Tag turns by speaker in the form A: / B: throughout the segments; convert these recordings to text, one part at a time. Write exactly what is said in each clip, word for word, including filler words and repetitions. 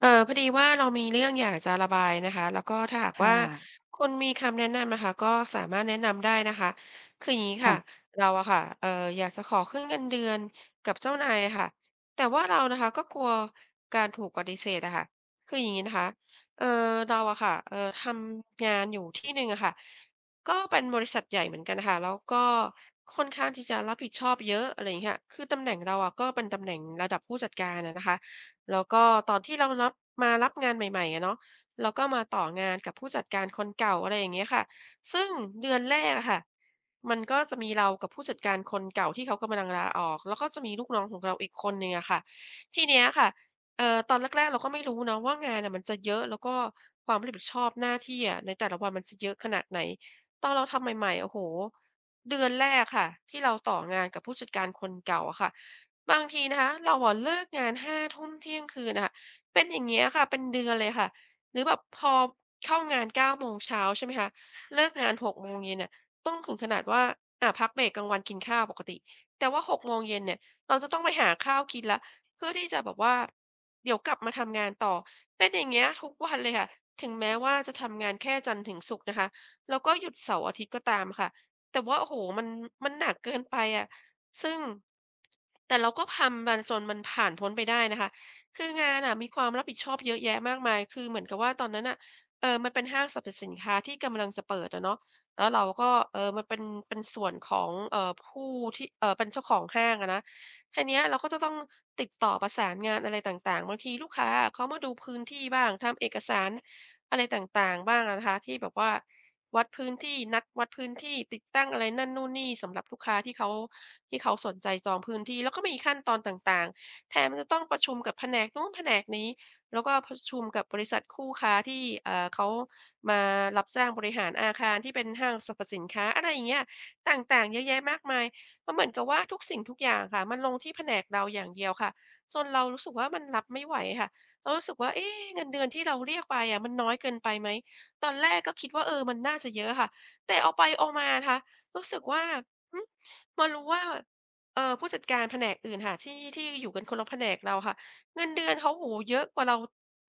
A: เอ่อ พอดีว่าเรามีเรื่องอยากจะระบายนะคะ แล้วก็ถ้าหาก
B: ค
A: ว
B: ่
A: ่า
B: ะ
A: คุณมีคำแนะนำนะคะ ก็สามารถแนะนำได้นะคะ คืออย่างงี้ค
B: ค
A: ่
B: ่
A: ะ
B: ะ
A: เราอะค่ะ เอ่อ อยากจะขอขึ้นเงินเดือนกับเจ้านายอะค่ะ แต่ว่าเรานะคะก็กลัวการถูกปฏิเสธอะค่ะ คืออย่างงี้นะคะ เอ่อ เราอะค่ะ เอ่อ ทำงานอยู่ที่หนึ่งอะค่ะ ก็เป็นบริษัทใหญ่เหมือนกันค่ะ แล้วก็ค่อนข้างที่จะรับผิดชอบเยอะ อะไรอย่างเงี้ย คือตำแหน่งเราอะ ก็เป็นตำแหน่งระดับผู้จัดการอะนะคะ แล้วก็ตอนที่เรารับ มารับงานใหม่ ๆ อะเนาะ เราก็มาต่องานกับผู้จัดการคนเก่า อะไรอย่างเงี้ยค่ะ ซึ่งเดือนแรกอะค่ะ มันก็จะมีเรากับผู้จัดการคนเก่า ที่เขากำลังลาออก แล้วก็จะมีลูกน้องของเราอีกคนหนึ่งอะค่ะ ทีเนี้ยค่ะ เอ่อ ตอนแรก ๆ เราก็ไม่รู้เนาะว่างานน่ะ มันจะเยอะ แล้วก็ความรับผิดชอบหน้าที่อะ ในแต่ละวันมันจะเยอะขนาดไหน? ตอนเราทำใหม่ ๆ โอ้โฮ เดือนแรกค่ะ ที่เราต่องานกับผู้จัดการคนเก่าอะค่ะ บางทีนะคะเราอะเลิกงาน ห้า ทุ่ม เที่ยงคืนอะค่ะ เป็นอย่างเงี้ยค่ะ เป็นเดือนเลยค่ะ หรือแบบพอเข้างาน เก้า โมงเช้า ใช่ไหมคะ เลิกงาน หก โมงเย็นอะ ต้องถึงขนาดว่า อะ พักเบรกกลางวันกินข้าวปกติ แต่ว่า หก โมงเย็นเนี่ย เราจะต้องไปหาข้าวกินแล้ว เพื่อที่จะแบบว่า เดี๋ยวกลับมาทำงานต่อ เป็นอย่างเงี้ยทุกวันเลยค่ะ ถึงแม้ว่าจะทำงานแค่จันทร์ถึงศุกร์นะคะ แล้วก็หยุดเสาร์อาทิตย์ก็ตามค่ะ แต่ว่า โอ้โฮ มัน มันหนักเกินไปอะ ซึ่ง แต่เราก็ทำมันจนมันผ่านพ้นไปได้นะคะ คืองานอะมีความรับผิดชอบเยอะแยะมากมาย คือเหมือนกับว่าตอนนั้นน่ะ เอ่อ มันเป็นห้างสรรพสินค้า ที่กำลังจะเปิดอะเนาะ แล้วเราก็ เอ่อ มันเป็น เป็นส่วนของ เอ่อ ผู้ที่ เอ่อ เป็นเจ้าของห้างอะนะ แค่เนี้ยเราก็จะต้องติดต่อประสานงานอะไรต่าง ๆ บางทีลูกค้าอะ เขามาดูพื้นที่บ้าง ทำเอกสารอะไรต่าง ๆ บ้างอะนะคะ ที่แบบว่าวัดพื้นที่ นัดวัดพื้นที่ ติดตั้งอะไรนั่นนู่นนี่สำหรับลูกค้า ที่เขา ที่เขาสนใจจองพื้นที่ แล้วก็มีขั้นตอนต่าง ๆ แถมจะต้องประชุมกับแผนกนู้นแผนกนี้ แล้วก็ประชุมกับบริษัทคู่ค้าที่ อ่า เขามารับจ้างบริหารอาคาร ที่เป็นห้างสรรพสินค้า อะไรอย่างเงี้ย ต่าง ๆ เยอะแยะมากมาย มันเหมือนกับว่าทุกสิ่งทุกอย่างค่ะ มันลงที่แผนกเราอย่างเดียวค่ะ จนเรารู้สึกว่า มันรับไม่ไหวค่ะ เรารู้สึกว่า เอ๊ เงินเดือนที่เราเรียกไปอะ มันน้อยเกินไปไหม? ตอนแรกก็คิดว่า เออ มันน่าจะเยอะอะค่ะ แต่เอาไปเอามานะค่ะ รู้สึกว่า หือ มารู้ว่า เอ่อ ผู้จัดการแผนกอื่นค่ะ ที่ ที่อยู่กันคนละแผนกเราค่ะ เงินเดือนเขา โอ้โฮ เยอะกว่าเรา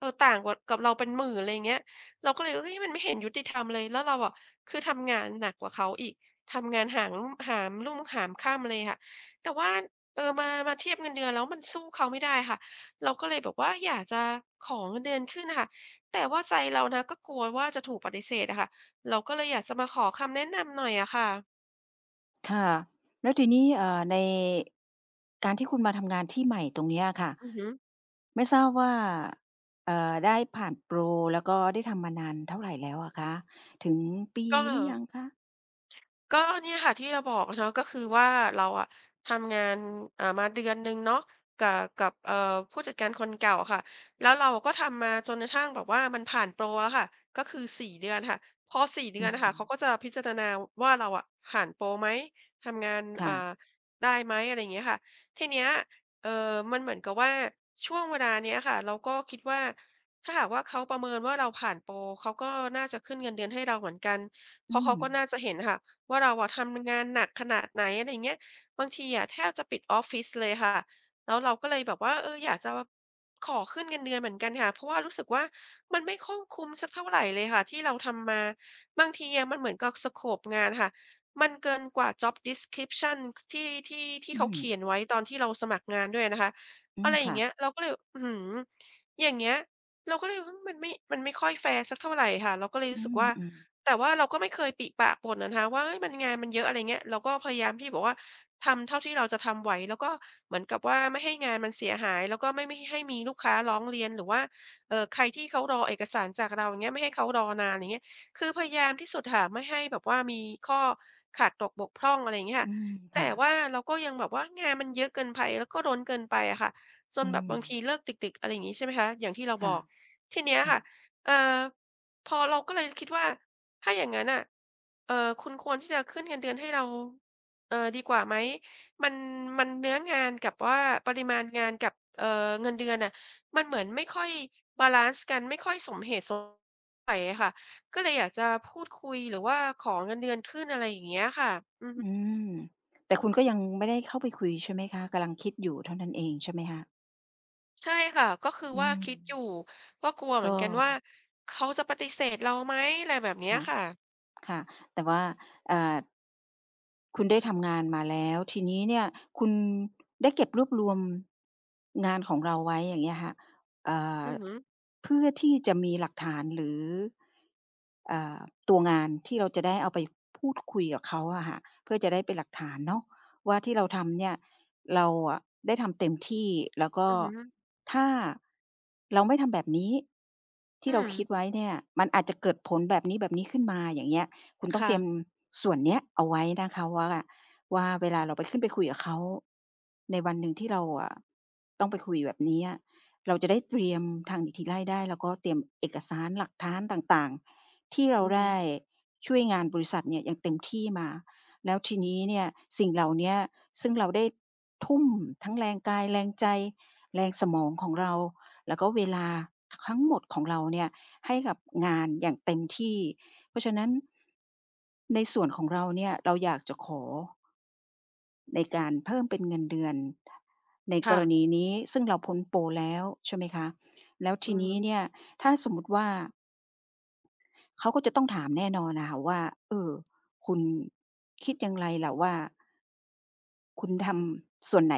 A: เออ ต่างกว่า กับเราเป็นหมื่น อะไรอย่างเงี้ย เราก็เลย เฮ้ย มันไม่เห็นยุติธรรม เลย แล้วเราอะ คือทำงานหนักกว่าเขาอีก ทำงานหาง หามรุ่งหามค่ำเลยค่ะ แต่ว่า เอ่อ มา มาเทียบเงินเดือนแล้ว มันสู้เขาไม่ได้ค่ะ เราก็เลยแบบว่าอยากจะขอเงินเดือนขึ้นอะค่ะ แต่ว่าใจเรานะก็กลัวว่า จะถูกปฏิเสธอะค่ะ เราก็เลยอยากจะมาขอคำแนะนำหน่อยอะค่ะ
B: ค่ะ แล้วทีนี้ เอ่อ ใน การที่คุณมาทำงานที่ใหม่ตรงนี้อะค่ะ
A: อือฮึ
B: ไม่ทราบว่า เอ่อ ได้ผ่านโปร แล้วก็ได้ทำมานานเท่าไรแล้วอะคะ ถึงปี
A: ก็
B: หรือยังคะ?
A: ก็เนี่ยค่ะที่เราบอกเนาะ ก็คือว่าเราอะทำงาน อ่า มาเดือนหนึ่งเนาะ กะ กับ เอ่อ ผู้จัดการคนเก่าอะค่ะ แล้วเราก็ทำมาจนกระทั่งแบบว่า มันผ่านโปรอะค่ะ ก็คือ สี่ เดือนค่ะ พอ สี่ เด
B: อ
A: ื
B: ื
A: อนอะค่ะ เขา
B: ม
A: ก็จะพิจารณาว่าเราอะผ่านโปรไหม? ทำงาน
B: ค
A: อ
B: ่
A: ่
B: ะ
A: า ได้ไหม? อะไรอย่างเงี้ยค่ะ ทีเนี้ย เอ่อ มันเหมือนกับว่าช่วงเวลานี้ค่ะ เราก็คิดว่า ถ้าหากว่าเขาประเมินว่าเราผ่านโปร เขาก็น่าจะขึ้นเงินเดือนให้เราเหมือนกัน เ
B: อ
A: พ
B: ื
A: ราะเขาก็
B: ม
A: น่าจะเห็นค่ะว่า เราอะทำงานหนักขนาดไหน อะไรอย่างเงี้ย บางทีอะแทบจะปิดออฟฟิศเลยค่ะ แล้วเราก็เลยแบบว่า เออ อยากจะขอขึ้นเงินเดือนเหมือนกันค่ะ เพราะว่ารู้สึกว่า มันไม่ข้องคุ้มสักเท่าไรลยค่ะ ที่เราทำมา บางทีอะมันเหมือนกับ สโกป งานค่ะ มันเกินกว่า Job description ที่ ที่ ที่
B: อื
A: เขาเขี
B: ม
A: ยนไว้ตอนที่เราสมัครงานด้วยนะคะ
B: อื
A: อะ
B: ม
A: ไรอ
B: ค
A: ย่
B: ่
A: างเงี
B: ะ
A: ้ย เราก็เลยแบบ อื้อฮือ อย่างเงี้ย เราก็เลย อืม มันไม่ มันไม่ค่อยแฟร์สักเท่าไรค่ะ เราก็เลย
B: อ
A: ร
B: ื
A: ู้สึก
B: ม
A: ว่า
B: อือ
A: แต่ว่าเราก็ไม่เคยปริปากบ่นะคะว่า เฮ้ย งานมันเยอะ อะไรอย่างเงี้ย เราก็พยายามที่บอกว่า ทำเท่าที่เราจะทำไหว แล้วก็เหมือนกับว่า ไม่ให้งานมันเสียหาย แล้วก็ไม่ ไม่ให้มีลูกค้าร้องเรียน หรือว่า เอ่อ ใครที่เขารอเอกสารจากเรา อย่างเงี้ย ไม่ให้เขารอนาน อย่างเงี้ย คือพยายามที่สุดค่ะ ไม่ให้แบบว่ามีข้อขาดตกบกพร่อง อะไรอย่างเงี้ยค
B: อ
A: ่
B: ื
A: ะ
B: ม ค
A: แต
B: ่
A: ่
B: ะ
A: ว่าเราก็ยังแบบว่า งานมันเยอะเกินไพ แล้วก็ล้นเกินไปอะค่ะ จ
B: อ
A: น
B: ื
A: แบบบางท
B: ม
A: ีเลิกดึก ๆ อะไรอย่างงี้ ใช่ไหมคะ อย่างที่เรา
B: ค
A: บ
B: ่ะ
A: อก ทีเนี้ย
B: ค่
A: ค่
B: ะ
A: ะ เอ่อ พอเราก็เลยคิดว่า ถ้าอย่างนั้นน่ะ เอ่อ คุณควรที่จะขึ้นเงินเดือนให้เรา เอ่อ ดีกว่าไหม? มัน มันเนื้องานกับว่าปริมาณงานกับ เอ่อ เงินเดือนอะ มันเหมือนไม่ค่อยบาลันซ์กัน ไม่ค่อยสมเหตุสม ใส่อะค่ะ ก็เลยอยากจะ พูดคุย หรือว่าขอเงินเดือนขึ้น อะไรอย่างเงี้ยค่ะ อือฮ
B: อื
A: ึ
B: ม แต่คุณก็ยังไม่ได้เข้าไปคุยใช่ไหมคะ กำลังคิดอยู่เท่านั้นเองใช่ไหมคะ?
A: ใช่ค่ะ ก็คือ
B: อื
A: ว่า
B: ม
A: คิดอยู่ ก็กลัวเ
B: ก
A: หม
B: ็
A: ือนกันว่า เขาจะปฏิเสธ เราไหม อะไรแบบนี้
B: ค่
A: อะ
B: ะ
A: ค่ะ
B: ค่ะ แต่ว่า เอ่อ คุณได้ทำงานมาแล้ว ทีนี้เนี่ย คุณ ได้เก็บรวบรวม งานของเราไว้ อย่างเงี้ยค่ะ เอ่อ
A: อือฮึ
B: เพื่อที่จะมีหลักฐาน หรือ เอ่อ ตัวงานที่เราจะได้เอาไปพูดคุยกับเขาอะค่ะ เพื่อจะได้เป็นหลักฐานเนาะว่า ที่เราทำเนี่ย เราอะได้ทำเต็มที่ แล้วก็
A: อือฮึ
B: ถ้า เราไม่ทำแบบนี้ ท
A: อ
B: ี
A: ื
B: ่เราคิ
A: ม
B: ดไว้เนี่ย มันอาจจะเกิดผลแบบนี้ ๆ ขึ้นมา อย่างเงี้ย คุณ
A: ค
B: ต้อง
A: ่
B: เตรีย
A: ะ
B: มส่วนเนี้ยเอาไว้นะคะว่า ว่าเวลาเราไป ขึ้นไปคุยกับเขา ในวันหนึ่งที่เราอะ ต้องไปคุยแบบนี้อะ เราจะได้เตรียมทางหนีทีไล่ได้ แล้วก็เตรียมเอกสารหลักฐานต่าง ๆ ที่เร
A: อ
B: า
A: ือ
B: ไ
A: ฮ
B: ด้
A: ึ
B: ช่วยงานบริษัทเนี่ย อย่างเต็มที่มา แล้วทีนี้เนี่ย สิ่งเหล่าเนี้ย ซึ่งเราได้ทุ่มทั้งแรงกาย แรงใจ แรงสมองของเรา แล้วก็เวลาคั้งหมด ของเราเนี่ย ให้กับงานอย่างเต็มที่ เพราะฉะนั้น ในส่วนของเราเนี่ย เราอยากจะขอ ในการเพิ่มเป็นเงินเดือนใน
A: ค
B: ก
A: ่
B: ร
A: ะ
B: ณีนี้ ซึ่งเราพ้นโปรแล้ว ใช่ไหมคะ แล้วท
A: อื
B: ี
A: อ
B: น
A: ฮ
B: ี
A: ึ
B: ้เนี่ย ถ้าสมมติว่า เขาก็จะต้องถามแน่นอนอะค่ะว่า "เออ คุณคิดอย่างไรล่ะว่า" "คุณทำส่วนไหน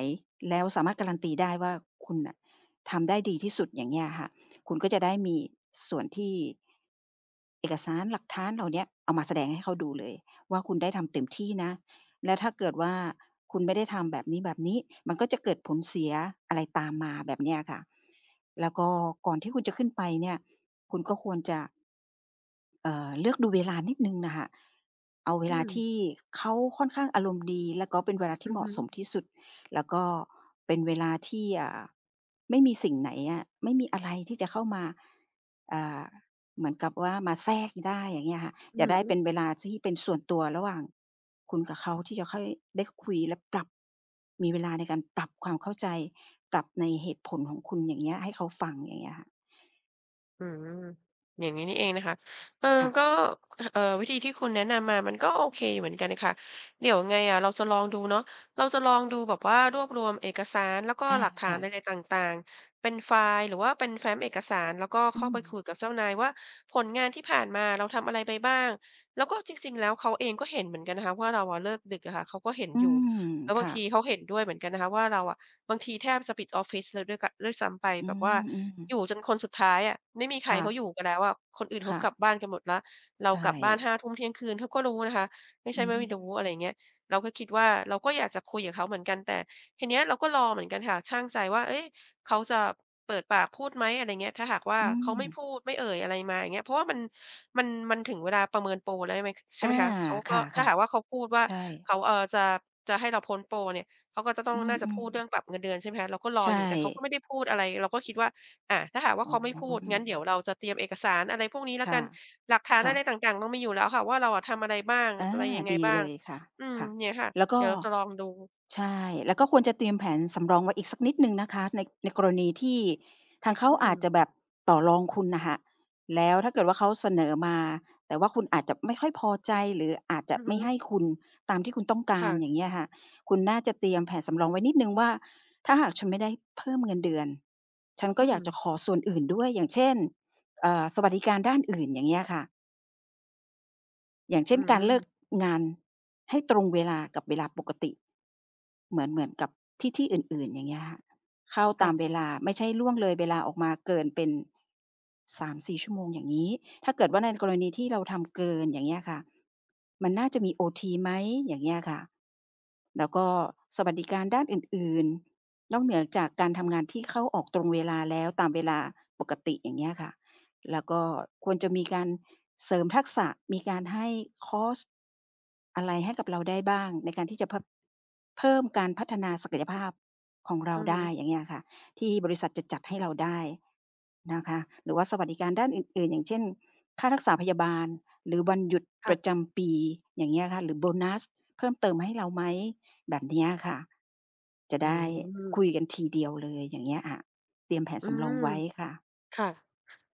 B: แล้วสามารถการันตีได้ว่าคุณน่ะทำได้ดีที่สุด?" อย่างเงี้ยอะค่ะ คุณก็จะได้มีส่วนที่ เอกสารหลักฐานเหล่าเนี้ย เอามาแสดงให้เขาดูเลยว่า คุณได้ทำเต็มที่นะ แล้วถ้าเกิดว่า คุณไม่ได้ทำแบบนี้ ๆ มันก็จะเกิดผลเสียอะไรตามมา แบบเนี้ยค่ะ แล้วก็ก่อนที่คุณจะขึ้นไปเนี่ย คุณก็ควรจะ เอ่อ เลือกดูเวลานิดหนึ่งน่ะค่ะ เอาเว
A: อื
B: ลา
A: ม
B: ที่เขาค่อนข้างอารมณ์ดี แล้วก็เป็นเวลาที
A: อ
B: ่
A: ื
B: เ
A: อ
B: หม
A: ฮ
B: าะส
A: ึ
B: มที่สุด แล้วก็เป็นเวลาที่ เอ่อ ไม่มีสิ่งไหนอะ ไม่มีอะไรที่จะเข้ามา อ่า เหมือนกับว่ามาแทรกได้ อย่างเงี้ยค่ะ
A: อื
B: อย
A: อ
B: า
A: ฮ
B: กได้เป็น
A: ึ
B: เวลาที่เป็นส่วนตัวระหว่าง คุณกับเขา ที่จะค่อยได้คุยและปรับ มีเวลาในการปรับความเข้าใจ ปรับในเหตุผลของคุณ อย่างเงี้ย ให้เขาฟัง อย่างเงี้ยค่ะ
A: อืม อย่างงี้นี่เองนะคะ เอ่อ
B: ค่
A: ก
B: ะ
A: ็ อ เอ่อ วิธีที่คุณแนะนำมา มันก็โอเคอยู่เหมือนกันน่ะค่ะ เดี๋ยวยังไงอะเราจะลองดูเนาะ เราจะลองดูแบบว่า รวบรวมเอกสาร แล้วก็
B: อา
A: หลักฐา
B: ค
A: น
B: ่
A: อ
B: ะ
A: ะไรต่าง ๆ เป็นไฟล์หรือว่าเป็นแฟ้มเอกสาร แล้วก็
B: อ
A: เ
B: ื
A: ข้าไปค
B: ม
A: ุยกับเจ้านายว่า ผลงานที่ผ่านมา เราทำอะไรไปบ้าง? แล้วก็จริง ๆ แล้ว เขาเองก็เห็นเหมือนกันนะคะว่า เราเลิกดึกอะค่ะ เขาก็เห็น
B: อื
A: อยู่
B: ม
A: แล้ว
B: ค
A: บาง
B: ่
A: ท
B: ะ
A: ีเขาเห็นด้วยเหมือนกันนะคะว่า เราอะบางทีแทบปิดออฟฟิศแล้วด้วยกะ ด้วยซ้ำไป
B: อื
A: แบบว่า
B: ม ๆ
A: อยู่จนคนสุดท้ายอะ ไม่มีใค
B: ค
A: ร
B: ่
A: เขา
B: ะ
A: อยู่กันแล้วอะ คนอื่นเข
B: ค
A: า
B: ่
A: กล
B: ะ
A: ับบ้านกันหมดแล้ว เร
B: ใ
A: า
B: ช
A: กลับบ้าน ห
B: ่
A: ้า ทุ่ม เที่ยงคืน เขาก็รู้นะคะ ไม่ใช
B: อ
A: ่
B: ื
A: ว่าไ
B: ม
A: ม่รู้ อะไรอย่างเงี้ย เราก็คิดว่า เราก็อยากจะคุยกับเขาเหมือนกัน แต่ทีเนี้ย เราก็รอเหมือนกันค่ะ ชั่งใจว่า เฮ้ย เขาจะเปิดปากพูดไหม? อะไรเงี้ย ถ้าหากว่า
B: อื
A: เขาไม่
B: ม
A: พูด ไม่เอ่ยอะไรมา อย่างเงี้ย เพราะว่ามัน มัน มันถึงเวลาประเมินโปรได้ไหม ใช
B: อ
A: ่ไ
B: า
A: หมคะ เขา
B: ค
A: ก็ ถ้า
B: ่ะ
A: หากว่าเขาพูดว่
B: ๆ
A: า
B: ใช่
A: เขา เอ่อ จะ จะให้เราพ้นโปรเนี่ย เขาก็จะต้อ
B: อ
A: ง
B: ื
A: น่าจะพ
B: อ
A: ูดเรื่อ
B: ๆ
A: งปรับเงินเดือน ใช่ไหมคะ เราก็ร
B: ใ
A: อ
B: ช
A: อยู่ แต่เขาก็
B: ่
A: ไม่ได้พูดอะไร เราก็คิดว่า อะ ถ้าหากว่า
B: อ
A: เ
B: ๋
A: ข
B: อ
A: าไม่พูด
B: อื
A: งั้นเดี๋ยว
B: ม
A: เราจะเตรียมเอกสารอะไรพวกนี้แล้
B: ค
A: วก
B: ่
A: ั
B: ะ
A: น หลักฐาน
B: ค
A: อ
B: ่
A: ะไร
B: ะ
A: ต่าง ๆ เรามีอยู่แล้วค่ะว่า เราทำอะไรบ้าง
B: อ
A: อ
B: า
A: ะไรยังไง
B: ดี
A: บ้า
B: เ
A: ง?
B: ลยค่ะ
A: อืม
B: ค่ะ
A: เนี่ยค่ะ
B: แล้วก
A: เดี
B: ็
A: ๋ยวเราจะลองดู
B: ใช่ แล้วก็ควรจะเตรียมแผนสำรองไว้อีกสักนิดหนึ่งนะคะ ใน ในกรณีที่ทางเขา
A: อื
B: อาจจ
A: ม
B: ะแบบต่อรองคุณน่ะค่ะ แล้วถ้าเกิดว่า เขาเสนอมา แต่ว่าคุณอาจจะไม่ค่อยพอใจ หรืออาจจ
A: อ
B: ะ
A: ือ
B: ไ
A: ฮ
B: ม่
A: ึ
B: ให้คุณ ตามที่คุณต้องก
A: ค
B: า
A: ่
B: ร
A: ะ
B: อย่างเงี้ยค่ะ คุณน่าจะเตรียมแผนสำรองไว้นิดหนึ่งว่า ถ้าหากฉันไม่ได้เพิ่มเงินเดือน ฉันก็
A: อื
B: อยากจะ
A: ม
B: ขอส่วนอื่นด้วย อย่างเช่น เอ่อ สวัสดิการด้านอื่น อย่างเงี้ยค่ะ อย่างเช
A: อื
B: ่น การเลิก
A: ม
B: งานให้ตรงเวลากับเวลาปกติ เหมือน เหมือนกับที่ ที่อื่น ๆ อย่างเงี้ยค่ะ เข้า
A: ค
B: ต
A: ่
B: าม
A: ะ
B: เวลา ไม่ใช่ล่วงเลยเวลาออกมาเกินเป็น สามสี่ ชั่วโมงอย่างงี้ ถ้าเกิดว่าในกรณีที่เราทำเกิน อย่างเงี้ยค่ะ มันน่าจะมีโอทีไหม? อย่างเงี้ยค่ะ แล้วก็สวัสดิการด้านอื่น ๆ นอกเหนือจากการทำงานที่เข้าออกตรงเวลาแล้ว ตามเวลาปกติ อย่างเงี้ยค่ะ แล้วก็ควรจะมีการเสริมทักษะ มีการให้คอร์ส อะไรให้กับเราได้บ้าง ในการที่จะเพิ่ม เพิ่มการพัฒนาศักยภาพของเร
A: อ
B: า
A: ือ
B: ไ
A: ฮ
B: ด้
A: ึ
B: อย่างเงี้ยค่ะ ที่บริษัทจะจัดให้เราได้นะคะ หรือว่าสวัสดิการด้านอื่น ๆ อย่างเช่น ค่ารักษาพยาบาล หรือวันหยุด
A: ค่
B: ปร
A: ะ
B: ะจำปี อย่างเงี้ยค่ะ หรือโบนัสเพิ่มเติมให้เราไหม? แบบเนี้ยค่ะ จะ
A: อื
B: ได้
A: ม
B: คุยกันทีเดียวเลย อย่างเงี้ยอะ เตรียมแผน
A: อื
B: สำรอ
A: ม
B: งไว้ค่ะ
A: ค่ะ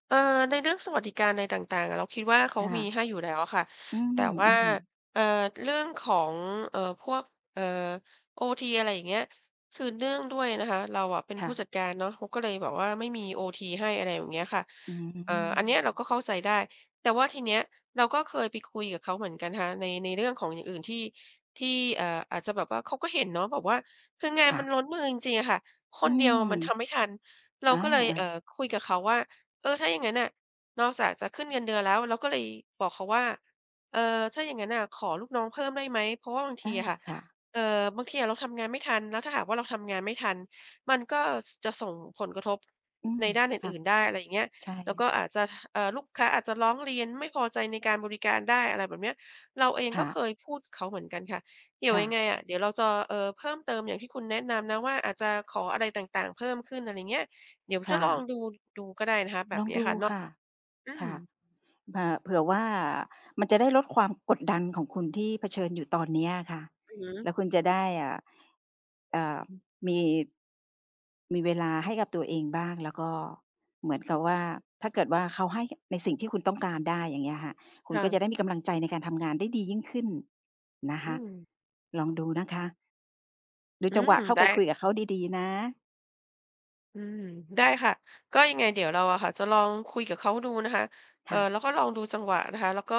A: เอ่อ ในเรื่องสวัสดิการอะไรต่าง ๆ อะ เราคิดว่าเขา
B: ค่
A: มี
B: ะ
A: ให้อยู่แล้วอะค่ะ
B: อื
A: แต่
B: อ
A: ว่
B: อ
A: า
B: ือ
A: เอ่อ เรื่องของ เอ่อ พวก เอ่อ โอที อะไรอย่างเงี้ย คือเนื่องด้วยนะคะเราอะเป็น
B: ค
A: ผ
B: ่
A: ู้
B: ะ
A: จัดการเนาะ เขาก็เลยแบบว่าไม่มีโอทีให้ อะไรแบบเนี้ยค่ะ
B: อื
A: เอ่อ อันเนี้ย เรา
B: ม
A: ก็เข้าใจได้ แต่ว่าทีเนี้ย เราก็เคยไปคุยกับเขาเหมือนกันค่ะ ใน ในเรื่องของอย่างอื่นที่ ที่ เอ่อ อาจจะแบบว่า เขาก็เห็นเนาะแบบว่า คืองาน
B: ค่
A: ม
B: ะ
A: ันล้นมือจริง ๆ อะค่ะ ค
B: อื
A: นเดียว
B: ม
A: มันทำไม่ทัน เรา
B: อา
A: ก็เลย เอ่อ
B: ๆ
A: คุยกับเขาว่า "เออ ถ้าอย่างงั้นน่ะ นอกจากจะขึ้นเงินเดือนแล้ว" เราก็เลยบอกเขาว่า "เออ ถ้าอย่างงั้นน่ะขอลูกน้องเพิ่มได้ไหม? เพราะว่าบางท
B: อ
A: ี
B: า
A: อะค่ะ
B: ค่ะ
A: เอ่อ บางทีอะเราทำงานไม่ทัน แล้วถ้าหากว่าเราทำงานไม่ทัน มันก็ ส จะส่งผลกระทบ
B: อื
A: ใ
B: ม
A: นด้านอ
B: ค่ะ
A: ื่น ๆ ได้" อะไรอย่างเงี้ย
B: ใช
A: "แล้วก็
B: ่
A: อาจจะ ท เอ่อ ลูกค้าอาจจะร้องเรียน ไม่พอใจในการบริการได้" อะไรแบบนี้ เราเอง
B: ค
A: ก
B: ่
A: ็
B: ะ
A: เคยพูดกับเขาเหมือนกันค่ะ เดี๋ย
B: ค
A: ว
B: ่
A: ยั
B: ะ
A: งไงอะ เดี๋ยวเราจะ เอ่อ เพิ่มเติมอย่างที่คุณแนะนำนะว่า อาจจะขออะไรต่าง ๆ เพิ่มขึ้น อะไรอย่างเงี้ย เดี๋ยว
B: ค
A: จะ
B: ่
A: ลอง
B: ะ
A: ดู ดู
B: ลองดูค่ะ
A: ก็ได้นะ
B: ค
A: คะ แบบเนี้ยค่ะเนาะ อื
B: ่ะ
A: ม
B: อา เผื่อว่ามันจะได้ลดความกดดันของคุณ ที่เผชิญอยู่ตอนเนี้ยอะค่ะ
A: อือฮึ
B: แล้วคุณจะได้ อ่า อ่า มี มีเวลาให้กับตัวเองบ้าง แล้วก็เหมือนกับว่า ถ้าเกิดว่าเขาให้ในสิ่งที่คุณต้องการได้ อย่างเงี้ยค่ะ คุ
A: ค
B: ณ
A: ่
B: ก็จ
A: ะ
B: ะได้มีกำลังใจในการทำงานได้ดียิ่งขึ้นนะค
A: อื
B: ะ
A: ม
B: ลองดูนะคะ ดู
A: อื
B: จังหว
A: ม
B: ะเข้า
A: ได
B: ไ
A: ้
B: ปคุย
A: ค
B: ก
A: ่ะ
B: ับเขาดี ๆ นะ
A: อืม ได้ค่ะ ก็ยังไงเดี๋ยวเราอะค่ะจะลองคุยกับเขาดูนะคะ เอ
B: ค
A: ่อ
B: ่ะ
A: แล้วก็ลองดูจังหวะนะคะ แล้วก็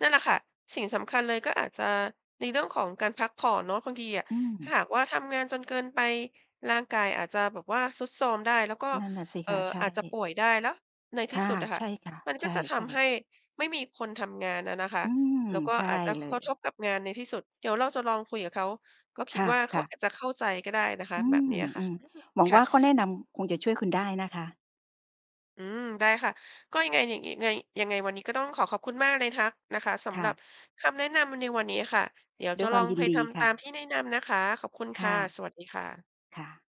A: นั่นแหละค่ะ สิ่งสำคัญเลย ก็อาจจะในเรื่องของการพักผ่อนเนาะ บางทีอะ
B: อื
A: ถ้า
B: ม
A: หากว่าทำงานจนเกินไป ร่างกายอาจจะแบบว่า ทรุดโทรมได้ แล้วก็
B: นั่นน่ะสิ
A: เอ่
B: ค
A: อ
B: ะ ใช
A: อาจจะป
B: ่
A: ่วยได้ แล้วในท
B: ค
A: ี่
B: ่ะ
A: สุดน่ะค่
B: ใ
A: ะ
B: ช่ค่ะ
A: มัน
B: ใ
A: ก
B: ช
A: ็จะท
B: ่
A: ำให้
B: ๆ
A: ไม่มีคนทำงานอะนะคะ
B: อืม
A: แล้วก็
B: ใช่
A: อาจจะ ข
B: เล
A: กระท
B: ย
A: บกับงานในที่สุด เดี๋ยวเราจะลองคุยกับเขา ก็คิ
B: ค
A: ดว่าเขา
B: ่ะ ๆ
A: อาจจะเข้าใจก็ได้นะคะ
B: อื
A: แบ
B: ม
A: บเนี้ยค
B: อ
A: ่ะ
B: ืม หวัง
A: ค่
B: ว่
A: ะ
B: าข้อแนะนำคงจะช่วยคุณได้นะคะ
A: อืม ได้ค่ะ ก็ยังไง ยังงี้ ไง ยังไงวันนี้ก็ต้องขอขอบคุณมากเลยทะ นะคะ ส
B: ค
A: ำห
B: ่
A: รับ
B: ะ
A: คำแนะนำในวันนี้ค่ะ เดี๋ยว
B: ด
A: จ
B: ้
A: ะ
B: วยค
A: ล
B: ว
A: อ
B: าม
A: ง
B: ย
A: ไ
B: ิ
A: พ
B: นด
A: ท
B: ี
A: ำ
B: ค
A: ต
B: ่
A: าม
B: ะ
A: ที่นินำ นะคะ ขอบคุณ
B: ค
A: ค่
B: ่
A: ะ
B: ะ
A: สวัสดีค่ะ
B: ค่ะ